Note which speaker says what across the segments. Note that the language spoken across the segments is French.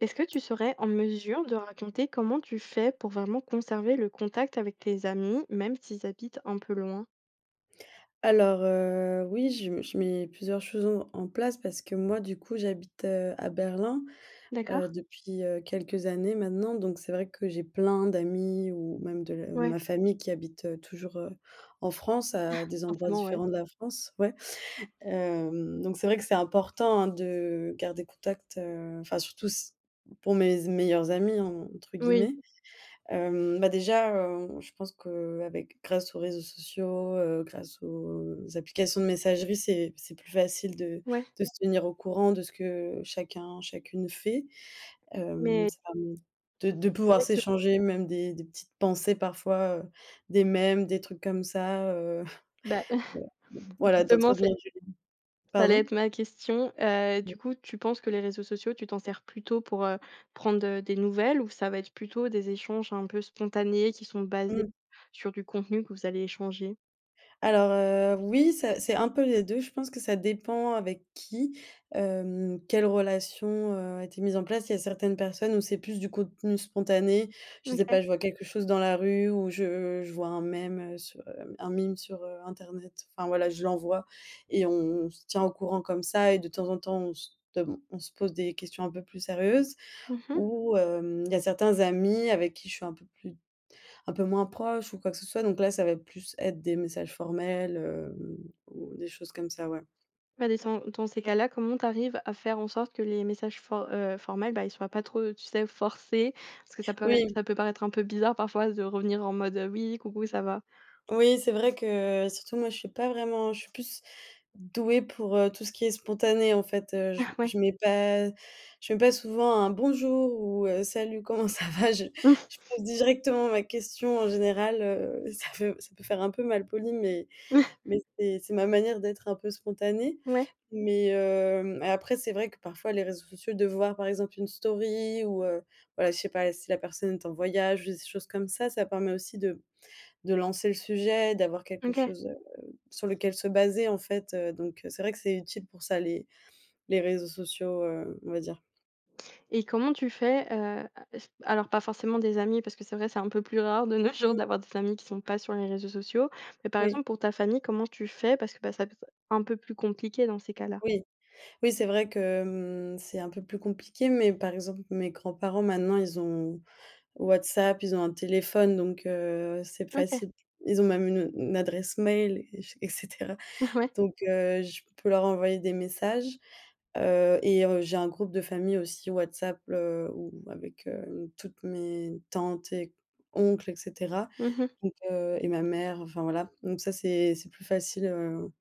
Speaker 1: Est-ce que tu serais en mesure de raconter comment tu fais pour vraiment conserver le contact avec tes amis, même s'ils habitent un peu loin?
Speaker 2: Alors, heu, oui, je m je mets plusieurs choses en en place parce que moi, du coup, j'habite, heu, à Berlin, heu,
Speaker 1: D'accord.
Speaker 2: depuis, heu, quelques années maintenant. Donc, c'est vrai que j'ai plein d'amis ou même de l heu,
Speaker 1: Ouais.
Speaker 2: ma famille qui habite, heu, toujours, heu, en France à des endroits
Speaker 1: Forcément, ouais.
Speaker 2: différents de la France, ouais. Hem, donc, c'est vrai que c'est important, hein, de garder contact, heu. Enfin, surtout s pour mes z «meilleurs amis», entre
Speaker 1: Oui.
Speaker 2: guillemets. Hem, bah, déjà, hem, je pense qu'avec grâce aux réseaux sociaux, heu, grâce aux applications de messagerie, c'est c'est plus facile de
Speaker 1: Ouais.
Speaker 2: de se tenir au courant de ce que chacun, chacune fait. Hem,
Speaker 1: Mais
Speaker 2: ça me de
Speaker 1: on
Speaker 2: de pouvoir
Speaker 1: dirait que
Speaker 2: s'échanger même des des petites pensées parfois, heu, des mêmes, des trucs comme ça, heu,,
Speaker 1: Bah,
Speaker 2: [unintelligible] voilà
Speaker 1: justement
Speaker 2: d'entretenir
Speaker 1: c'est
Speaker 2: du l
Speaker 1: ça allait
Speaker 2: pardon?
Speaker 1: être ma question. Heu,
Speaker 2: [unintelligible]
Speaker 1: du coup, tu penses que les réseaux sociaux, tu t'en sers plutôt pour, heu, prendre, heu, des nouvelles ou ça va être plutôt des échanges un peu spontanés qui sont basés
Speaker 2: Mmh.
Speaker 1: sur du contenu que vous allez échanger?
Speaker 2: Alors, heu, oui, ça c'est un peu les 2, je pense que ça dépend avec qui, hem, quelle relation, heu, a été mise en place. Il y a certaines personnes où c'est plus du contenu spontané. Je sais
Speaker 1: OK.
Speaker 2: pas, je vois quelque chose dans la rue ou je je vois un meme, heu, sur, hem, un meme sur, heu, internet. Enfin, voilà, je l'envoie et on se tient au courant comme ça. Et de temps en temps, on se dem on se pose des questions un peu plus sérieuses.
Speaker 1: Mmh mh.
Speaker 2: Ou, hem, il y a certains amis avec qui je suis un peu plus un peu moins proche ou quoi que ce soit. Donc là, ça va plus être des messages formels, heu, ou des choses comme ça, ouais.
Speaker 1: Ah, des sans dans ces cas-là, comment t'arrives à faire en sorte que les messages for heu, formels, bah, ils soient pas trop, tu sais, forcés? Parce que ça pourrait-
Speaker 2: Oui.
Speaker 1: ça peut paraître un peu bizarre parfois de revenir en mode, heu: «Oui, coucou ça va?»
Speaker 2: Oui, c'est vrai que, surtout, moi, je suis pas vraiment je suis plus douée pour, heu, tout ce qui est spontané, en fait, heu. Je
Speaker 1: Ah
Speaker 2: m
Speaker 1: ouais.
Speaker 2: je mets pas je mets pas souvent un «bonjour» ou, heu, «salut, comment ça va?» Je je pose directement ma question, en général. Heu, ça feu ça peut faire un peu malpoli, mais mais c'est c'est ma manière d'être un peu spontanée.
Speaker 1: Ouais.
Speaker 2: Mais, hem, après, c'est vrai que parfois, les réseaux sociaux de voir, par exemple, une story ou, heu, voilà, je sais pas si la personne est en voyage ou j des choses comme ça ça permet aussi de de lancer le sujet, d'avoir quelque
Speaker 1: OK.
Speaker 2: chose, heu, sur lequel se baser, en fait, heu. Donc, heu, c'est vrai, que c'est utile pour ça, les les réseaux sociaux, heu, on va dire.
Speaker 1: Et comment tu fais, heu, a s alors pas forcément des amis parce que c'est vrai c'est un peu plus rare de nos jours
Speaker 2: Heu.
Speaker 1: d'avoir des amis qui sont pas sur les réseaux sociaux, mais par
Speaker 2: Oui.
Speaker 1: exemple pour ta famille comment tu fais parce que, ben, ça [unintelligible] un peu plus compliqué dans ces cas-là?
Speaker 2: Oui. Oui, c'est vrai que mmh, c'est un peu plus compliqué, mais par exemple mes grands-parents, maintenant, ils ont WhatsApp, ils ont un téléphone donc, heu, c'est
Speaker 1: OK.
Speaker 2: facile. Ils ont même une, heu, une adresse mail et j et cetera.
Speaker 1: Ouais.
Speaker 2: Donc, heu, je peux leurs envoyer des messages, heu, et heu, j'ai un groupe de famille aussi WhatsApp, heu, où avec, heu, toutes mes tantes et oncles et cetera,
Speaker 1: Mmh mh.
Speaker 2: donc, heu, et ma mère, enfin voilà. Donc ça c'est c'est plus facile, heu,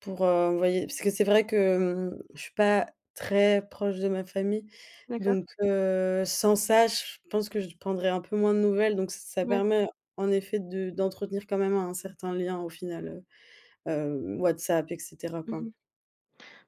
Speaker 2: pour heu, envoyer parce que c'est vrai que mmh, je suis pas très proche de ma famille,
Speaker 1: D'accord.
Speaker 2: donc, heu, sans ça, je pense que je prendrai un peu moins de nouvelles, donc ç ça
Speaker 1: Ouais.
Speaker 2: permet en effet de d'entretenir quand même un certain lien au final, heu, heu, WhatsApp et cetera,
Speaker 1: Mmh
Speaker 2: quoi.
Speaker 1: mh.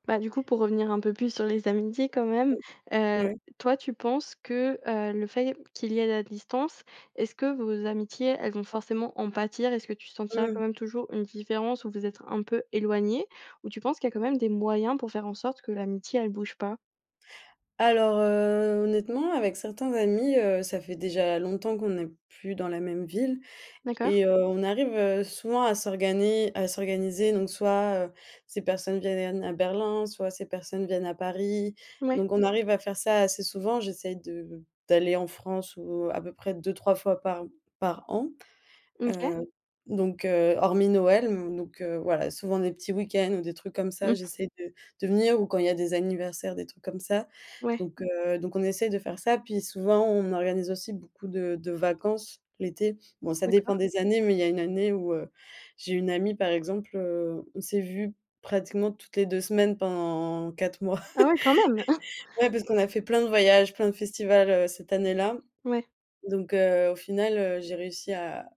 Speaker 1: Bah, du coup pour revenir un peu plus sur les amitiés quand même, heu,
Speaker 2: Ouais.
Speaker 1: toi tu penses que, heu, le fait qu'il y ait la distance, est-ce que vos amitiés, elles vont forcément en pâtir? Est-ce que tu sentiras
Speaker 2: Mmh.
Speaker 1: quand même toujours une différence où vous êtes un peu éloignés? Ou tu penses qu'il y a quand même des moyens pour faire en sorte que l'amitié, elle bouge pas?
Speaker 2: Alors, heu, honnêtement avec certains amis, heu, ça fait déjà longtemps qu'on est plus dans la même ville
Speaker 1: D'accord.
Speaker 2: et, heu, on arrive, heu, souvent à s'organiser à s'organiser donc soit, heu, ces personnes vienn viennent à Berlin, soit ces personnes viennent à Paris,
Speaker 1: Ouais.
Speaker 2: donc on arrive à faire ça assez souvent, j'essaie de d'aller en France, ou à peu près 2-3 fois par par an.
Speaker 1: Mmh. OK.
Speaker 2: Heu, donc, heu, hormis Noël, donc, heu, voilà, souvent des petits week-ends ou des trucs comme ça,
Speaker 1: Mmh.
Speaker 2: j'essaie de de venir ou quand il y a des anniversaires, des trucs comme ça,
Speaker 1: Ouais.
Speaker 2: donc, heu, donc on essaye de faire ça, puis souvent, on organise aussi beaucoup de de vacances, l'été. Bon ça dépend
Speaker 1: D'accord.
Speaker 2: des années, mais il y a une année où, heu, j'ai une amie par exemple, heu, on s'est vues pratiquement toutes les 2 semaines pendant 4 mois.
Speaker 1: Ah ouais, quand même!
Speaker 2: Ouais, parce qu'on a fait plein de voyages, plein de festivals, heu, cette année-là,
Speaker 1: Ouais.
Speaker 2: donc, heu, au final, heu, j'ai réussi à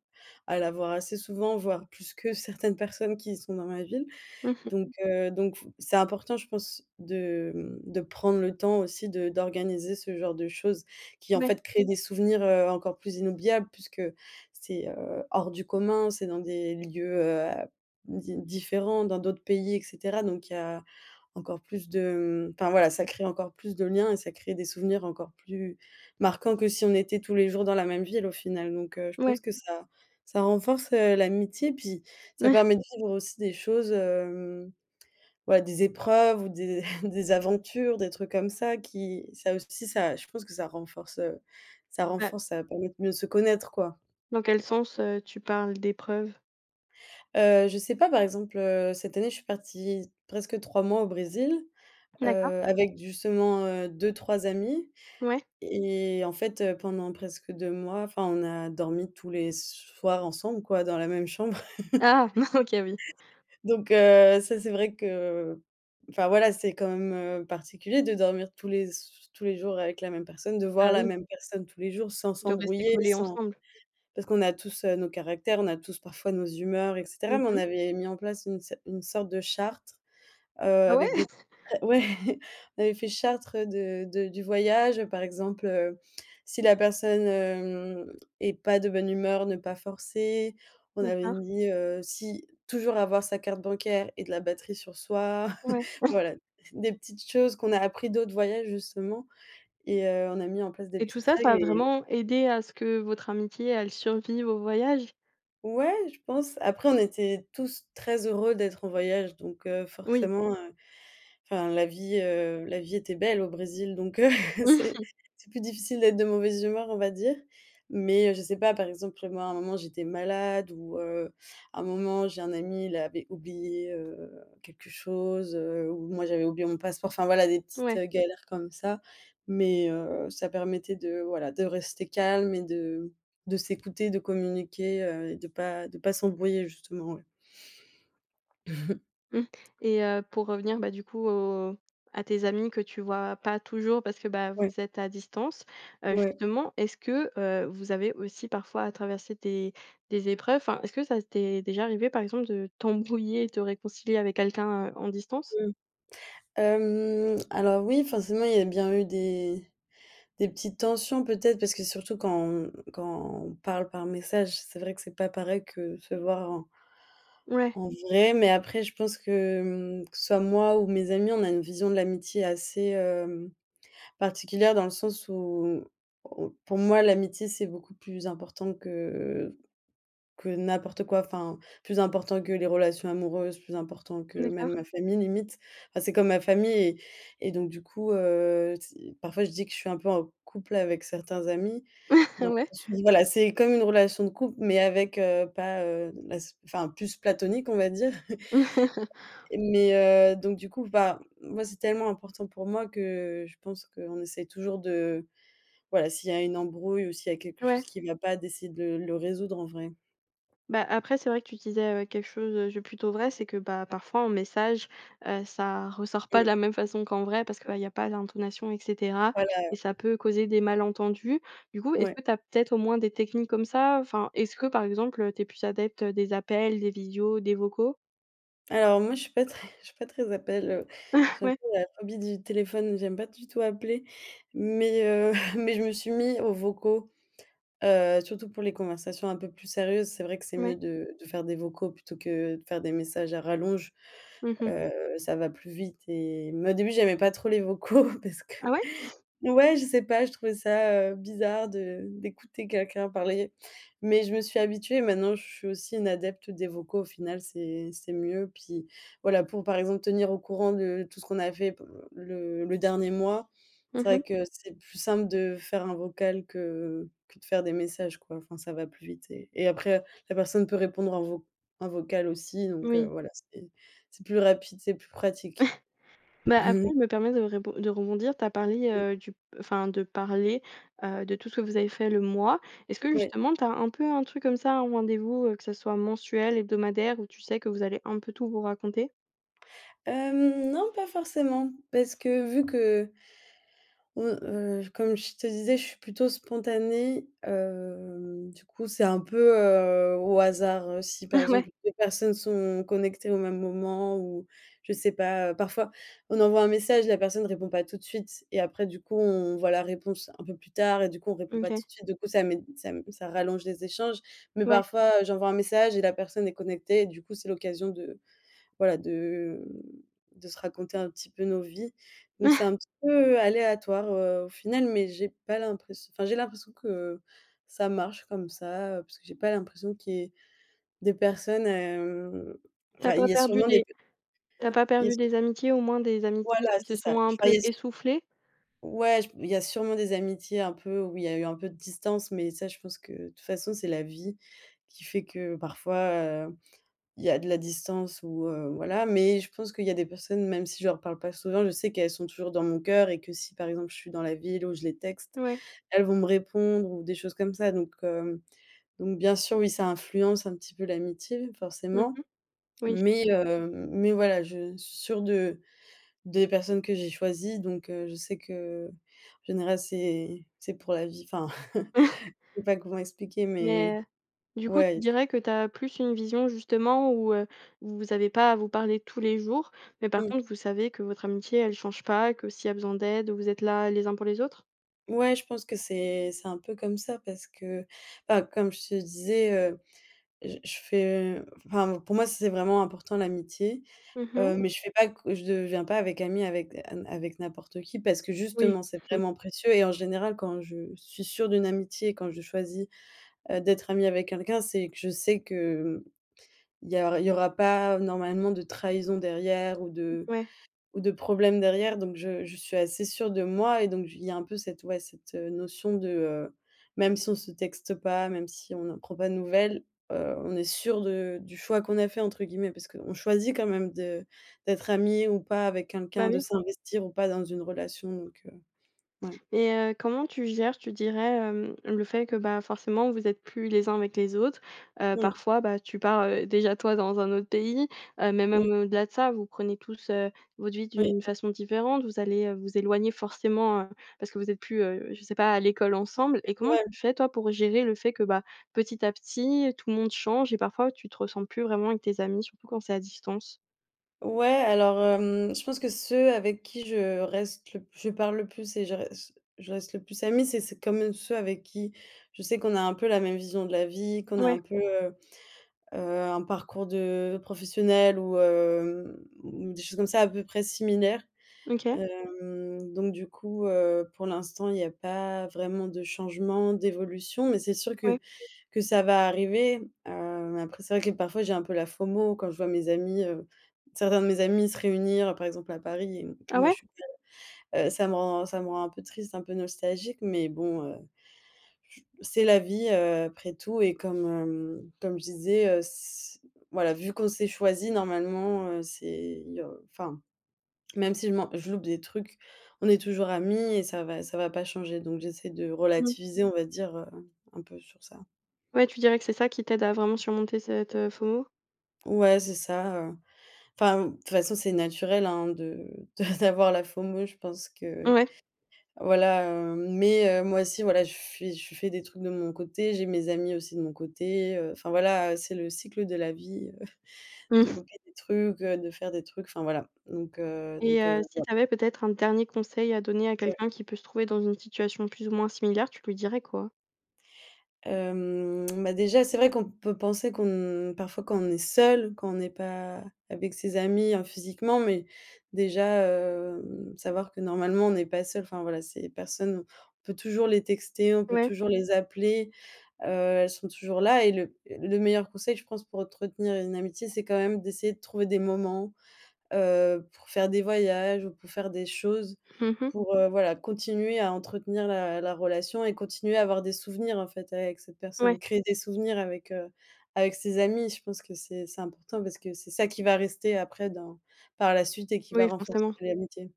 Speaker 2: à la voir assez souvent, voire plus que certaines personnes qui sont dans ma ville,
Speaker 1: Mmh mh.
Speaker 2: donc, heu, donc f c'est important, je pense, de, mmh, de prendre le temps aussi de d'organiser ce genre de choses, qui en
Speaker 1: Ouais.
Speaker 2: fait créent des souvenirs, heu, encore plus inoubliables puisque c'est, heu, hors du commun, c'est dans des lieux, heu, à di différents, dans d'autres pays et cetera, donc il y a, encore plus de mmh, enfin voilà, ça crée encore plus de liens et ça crée des souvenirs encore plus marquants que si on était tous les jours dans la même ville au final, donc, heu, je pense
Speaker 1: Ouais.
Speaker 2: que ça ça renforce, heu, l'amitié, puis ça permet de vivre aussi des choses, hem, ouais, des épreuves ou des, des aventures, des trucs comme ça qui ça aussi ça, je pense que ça renforce, heu, ça
Speaker 1: Ah.
Speaker 2: renforce ça permet de mieux se connaître, quoi.
Speaker 1: Dans quel sens, heu, tu parles d'épreuves?
Speaker 2: Heu, je sais pas, par exemple, heu, cette année, je suis partie presque 3 mois au Brésil,
Speaker 1: D'accord.
Speaker 2: heu, avec justement, heu, 2-3 amis.
Speaker 1: Ouais.
Speaker 2: Et, en fait, heu, pendant presque 2 mois, enfin, on a dormi tous les soirs ensemble, quoi, dans la même chambre.
Speaker 1: Ah! OK, oui.
Speaker 2: Donc, heu, ça c'est vrai que enfin voilà, c'est quand même, heu, particulier de dormir tous les s tous les jours avec la même personne, de
Speaker 1: Ah
Speaker 2: voir la
Speaker 1: oui.
Speaker 2: même personne tous les jours sans
Speaker 1: De rester
Speaker 2: s'embrouiller,
Speaker 1: collés
Speaker 2: sans
Speaker 1: ensemble?
Speaker 2: parce qu'on a tous nos caractères, on a tous parfois nos humeurs et cetera,
Speaker 1: Mmh
Speaker 2: mais on
Speaker 1: mh.
Speaker 2: avait mis en place une cer une sorte de chartre, heu,
Speaker 1: Ah
Speaker 2: avec des
Speaker 1: ouais?
Speaker 2: ouais, on avait fait chartre de de du voyage par exemple, heu, si la personne, hem, est pas de bonne humeur, ne pas forcer. On avait
Speaker 1: D'accord.
Speaker 2: dit, heu, si toujours avoir sa carte bancaire et de la batterie sur soi.
Speaker 1: Ouais.
Speaker 2: Voilà, des petites choses qu'on a appris d'autres voyages justement et, heu, on a mis en place des
Speaker 1: Et tout
Speaker 2: petites
Speaker 1: ça, ça
Speaker 2: règles
Speaker 1: a
Speaker 2: et
Speaker 1: vraiment aidé à ce que votre amitié, elle survive au voyage?
Speaker 2: Ouais, je pense. Après, on était tous très heureux d'être en voyage, donc heu,
Speaker 1: Oui.
Speaker 2: forcément, heu, enfin la vie, heu, la vie était belle au Brésil, donc heu,
Speaker 1: Mmh
Speaker 2: c'est
Speaker 1: mh.
Speaker 2: c'est plus difficile d'être de mauvaise humeur, on va dire, mais heu, je sais pas par exemple, moi à un moment j'étais malade ou heu, à un moment j'ai un ami, il avait oublié, heu, quelque chose, heu, ou moi j'avais oublié mon passeport, enfin voilà des petites
Speaker 1: Ouais.
Speaker 2: galères comme ça, mais heu, ça permettait de, voilà, de rester calme et de de s'écouter, de communiquer, heu, et de pas de pas s'embrouiller justement, ouais.
Speaker 1: Mmh, et heu, pour revenir, bah, du coup au à tes amis que tu vois pas toujours, parce que, bah
Speaker 2: Ouais.
Speaker 1: vous êtes à distance, heu,
Speaker 2: Ouais.
Speaker 1: justement, est-ce que, heu, vous avez aussi parfois à traverser des des épreuves, enfin, est-ce que ça t'est déjà arrivée par exemple de t'embrouiller et te réconcilier avec quelqu'un, heu, en distance?
Speaker 2: Mmh. Hem, alors oui forcément il y a bien eu des, des petites tensions peut-être parce que surtout quand on quand on parle par message, c'est vrai que c'est pas pareil que se voir en
Speaker 1: Ouais.
Speaker 2: en vrai, mais après je pense que, mmh, que ce soit moi ou mes amis, on a une vision de l'amitié assez, hem, particulière dans le sens où où pour moi, l'amitié, c'est beaucoup plus important que que n'importe quoi, enfin, plus important que les relations amoureuses, plus important que même
Speaker 1: D'accord.
Speaker 2: ma famille, limite. Enfin, c'est comme ma famille et et donc du coup, heu, ts parfois je dis que je suis un peu en couple avec certains amis, donc
Speaker 1: Ouais.
Speaker 2: je me suis dis, voilà, c'est comme une relation de couple, mais avec, heu, pas, heu, la s enfin, plus platonique, on va dire mais heu, donc du coup, enfin, moi c'est tellement important pour moi que, je pense qu'on essaye toujours de voilà s'il y a une embrouille ou s'il y a quelque chose
Speaker 1: Ouais.
Speaker 2: qui vient pas, d'essayer de le résoudre, en vrai.
Speaker 1: Ben, après, c'est vrai que tu disais, heu, quelque chose, heu, de plutôt vrai, c'est que, bah parfois en message, heu, ça ressort pas de
Speaker 2: Mmh.
Speaker 1: la même façon qu'en vrai parce que, bah il y a pas d'intonation, et cetera
Speaker 2: Voilà.
Speaker 1: et ça peut causer des malentendus. Du coup, est-ce
Speaker 2: Ouais.
Speaker 1: que tu as peut-être au moins des techniques comme ça? Enfin, est-ce que par exemple tu es plus adepte des appels, des visios, des vocaux?
Speaker 2: Alors moi, je suis pas très, je suis pas très appel, heu, j'ai un
Speaker 1: Ouais.
Speaker 2: peu la phobie du téléphone, j'aime pas du tout appeler, mais heu, mais je me suis mis aux vocaux, heu, surtout pour les conversations un peu plus sérieuses, c'est vrai que c'est mieux
Speaker 1: Ouais.
Speaker 2: de de faire des vocaux plutôt que de faire des messages à rallonge,
Speaker 1: Mmh mh.
Speaker 2: heu, ça va plus vite et mais au début j'aimais pas trop les vocaux parce que
Speaker 1: Ah, ouais?
Speaker 2: ouais, je sais pas, je trouvais ça, heu, bizarre de d'écouter quelqu'un parler, mais je me suis habituée, et maintenant je suis aussi une adepte des vocaux, au final c'est c'est mieux, puis, voilà, pour par exemple tenir au courant de tout ce qu'on a fait p le le dernier mois,
Speaker 1: Mmh
Speaker 2: c'est
Speaker 1: mh.
Speaker 2: vrai que c'est plus simple de faire un vocal que, heu, que de faire des messages quoi, enfin ça va plus vite et et après la personne peut répondre en vo en vocal aussi, donc heu,
Speaker 1: Oui.
Speaker 2: voilà, c'est c'est plus rapide, c'est plus pratique.
Speaker 1: Bah, après, je me permets de rébon de rebondir. Tu as parlé, heu, du enfin de parler, heu, de tout ce que vous avez fait le mois. Est-ce que
Speaker 2: Ouais.
Speaker 1: justement tu as un peu un truc comme ça, ou un rendez-vous, heu, que ce soit mensuel, hebdomadaire où tu sais que vous allez un peu tout vous raconter?
Speaker 2: Hem, non pas forcément parce que vu que mmh, heu, comme je te disais, je suis plutôt spontanée, heu, du coup c'est un peu, heu, au hasard, heu, si par
Speaker 1: Ouais.
Speaker 2: exemple les personnes sont connectées au même moment où je sais pas, heu. Parfois on envoie un message, la personne répond pas tout de suite, et après du coup, on voit la réponse un peu plus tard et du coup, on répond
Speaker 1: Mmh
Speaker 2: pas
Speaker 1: OK.
Speaker 2: tout de suite, du coup ça met ça m ça rallonge les échanges, mais
Speaker 1: Ouais.
Speaker 2: parfois, heu, j'envoie un message et la personne est connectée et du coup c'est l'occasion de, voilà, de de se raconter un petit peu nos vies, donc c'est un petit peu aléatoire, heu, au final, mais j'ai pas l'impress enfin j'ai l'impression que ça marche comme ça, heu, parce que j'ai pas l'impression qu'il y ait des personnes, hem,
Speaker 1: Tu as
Speaker 2: enfin il
Speaker 1: pas
Speaker 2: y a
Speaker 1: perdu
Speaker 2: sûrement des
Speaker 1: des
Speaker 2: p
Speaker 1: tu as pas
Speaker 2: il y a
Speaker 1: perdu
Speaker 2: su
Speaker 1: des amitiés, au moins, des amitiés
Speaker 2: Voilà,
Speaker 1: qui se
Speaker 2: c'est ça.
Speaker 1: sont un
Speaker 2: Je vois,
Speaker 1: peu
Speaker 2: il y a su
Speaker 1: essoufflées?
Speaker 2: Ouais, j il y a sûrement des amitiés un peu où il y a eu un peu de distance, mais ça je pense que de toute façon c'est la vie qui fait que, parfois, heu, il y a de la distance ou heu, voilà, mais je pense qu'il y a des personnes même si je leur parle pas souvent, je sais qu'elles sont toujours dans mon cœur et que si par exemple je suis dans la ville où je les texte,
Speaker 1: Ouais.
Speaker 2: elles vont me répondre ou des choses comme ça, donc hem, donc bien sûr, oui, ça influence un petit peu l'amitié
Speaker 1: Mmh
Speaker 2: forcément,
Speaker 1: mh. Oui, je
Speaker 2: mais
Speaker 1: t'assure.
Speaker 2: heu, mais voilà, je suis sûre de des personnes que j'ai choisies, donc heu, je sais qu'en général c'est c'est pour la vie, enfin, je sais pas comment expliquer mais
Speaker 1: Mais heu, du coup, tu
Speaker 2: ouais.
Speaker 1: dirais que tu as plus une vision justement où, heu, où vous avez pas à vous parler tous les jours, mais par
Speaker 2: Mmh.
Speaker 1: contre, vous savez que votre amitié, elle change pas, que s'il y a besoin d'aide, vous êtes là les uns pour les autres?
Speaker 2: Ouais, je pense que c'est, c'est un peu comme ça parce que enfin, comme je te disais, heu, j je fais enfin pour moi c'est vraiment important l'amitié,
Speaker 1: Mmh mh.
Speaker 2: heu, mais je fais pas que je deviens pas avec ami avec avec n'importe qui, parce que
Speaker 1: Oui.
Speaker 2: justement c'est vraiment précieux et en général quand je suis sûre d'une amitié, quand je choisis, heu, d'être amie avec quelqu'un c'est que je sais que, mmh, il y a il y aura pas normalement de trahison derrière ou de
Speaker 1: Ouais.
Speaker 2: ou de problèmes derrière, donc je je suis assez sûre de moi et donc il y a un peu cette, ouais, cette notion de, heu, même si on se texte pas, même si on ne prend pas de nouvelles, heu, on est sûre de du choix qu'on a fait entre guillemets parce qu'on choisit quand même de d'être ami ou pas avec
Speaker 1: Bah
Speaker 2: quelqu'un, de
Speaker 1: oui.
Speaker 2: s'investir ou pas dans une relation, donc, heu. Ouais.
Speaker 1: Et heu, comment tu gères, tu dirais, hem, le fait que, bah forcément vous êtes plus les uns avec les autres, heu,
Speaker 2: Mmh.
Speaker 1: parfois, bah tu pars, heu, déjà toi, dans un autre pays, heu, mais
Speaker 2: Oui.
Speaker 1: même au-delà de ça vous prenez tous, heu, votre vie
Speaker 2: Oui.
Speaker 1: d'une façon différente. Vous allez, heu, vous éloigner forcément, heu, parce que vous êtes plus, heu, je sais pas, à l'école ensemble, et comment
Speaker 2: [unintelligible]
Speaker 1: tu fais, toi, pour gérer le fait que bah, petit à petit, tout le monde change et parfois tu te ressens plus vraiment avec tes amis, surtout quand c'est à distance?
Speaker 2: Ouais, alors hem, je pense que ceux avec qui je reste le p je je parle le plus et je reste je reste le plus amie, c'est c'est quand même ceux avec qui, je sais qu'on a un peu la même vision de la vie, qu'on a
Speaker 1: Ouais.
Speaker 2: un peu, heu heu, un parcours de professionnel ou hem, ou des choses comme ça à peu près similaires.
Speaker 1: OK.
Speaker 2: Hem, donc du coup, heu, pour l'instant il y a pas vraiment de changement, d'évolution, mais c'est sûr que,
Speaker 1: Ouais.
Speaker 2: que ça va arriver. Heu, après, c'est vrai que parfois, j'ai un peu la FOMO quand je vois mes amis, heu, certains de mes amis se réunir par exemple à Paris et mmh que
Speaker 1: Ah
Speaker 2: moi
Speaker 1: ouais?
Speaker 2: je suis, [unintelligible] heu, ça me rend ça me rend un peu triste, un peu nostalgique, mais bon, heu, j c'est la vie, heu, après tout et comme hem, comme je disais, heu, s voilà vu qu'on s'est choisis, normalement, heu, c'est il y a, enfin. Même si je m'en je loupe des trucs, on est toujours amis et ça va ça va pas changer, donc j'essaie de
Speaker 1: Mmh.
Speaker 2: relativiser, on va dire, heu, un peu sur ça.
Speaker 1: Ouais, tu dirais que c'est ça qui t'aide à vraiment surmonter cette, heu, FOMO?
Speaker 2: Ouais, c'est ça, heu, enfin, de toute façon, c'est naturel, hein, de de d'a d'avoir la FOMO, je pense que,
Speaker 1: Ouais.
Speaker 2: voilà, heu, mais heu, moi aussi, voilà, je suis je fais des trucs de mon côté, j'ai mes amis aussi de mon côté, heu, enfin voilà, c'est le cycle de la vie, heu, de
Speaker 1: Mmh.
Speaker 2: louper des trucs, heu, de faire des trucs, enfin voilà, donc, heu
Speaker 1: Et,
Speaker 2: donc, heu,
Speaker 1: heu, si
Speaker 2: voilà.
Speaker 1: tu avais peut-être un dernier conseil à donner à
Speaker 2: Ouais.
Speaker 1: quelqu'un qui peut se trouver dans une situation plus ou moins similaire, tu lui dirais quoi?
Speaker 2: Hem, bah, déjà, c'est vrai qu'on peut penser qu'on parfois quand on est seule, quand on est pas avec ses amis, hein, physiquement, mais déjà, hem, savoir que normalement on est pas seul, enfin voilà, ces personnes, on peut toujours les texter, on peut
Speaker 1: Ouais.
Speaker 2: toujours les appeler. Heu, elles sont toujours là et le le meilleur conseil, je pense pour entretenir une amitié, c'est quand même d'essayer de trouver des moments, heu, pour faire des voyages ou pour faire des choses.
Speaker 1: Mmh mh.
Speaker 2: Pour heu, voilà continuer à entretenir la la relation et continuer à avoir des souvenirs en fait avec cette
Speaker 1: Ouais.
Speaker 2: personne, créer des souvenirs avec, heu, avec ses amis. Je pense que c'est c'est important parce que c'est ça qui va rester après dans par la suite et qui va
Speaker 1: Oui,
Speaker 2: renforcer
Speaker 1: forcément.
Speaker 2: l'amitié.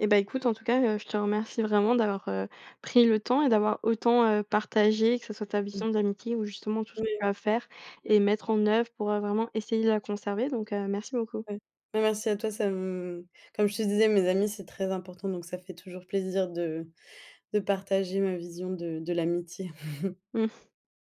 Speaker 1: Et bah, écoute en tout cas, heu, je te remercie vraiment d'avoir, heu, pris le temps et d'avoir autant, heu, partagé que ce soit ta vision d'amitié ou justement tout ce que
Speaker 2: Oui.
Speaker 1: tu as à faire, et mettre en œuvre pour, heu, vraiment essayer de la conserver, donc, heu, merci beaucoup.
Speaker 2: Ouais. Ben, merci à toi, ça me comme je te disais, mes amis, c'est très important, donc ça fait toujours plaisir de de partager ma vision de de l'amitié.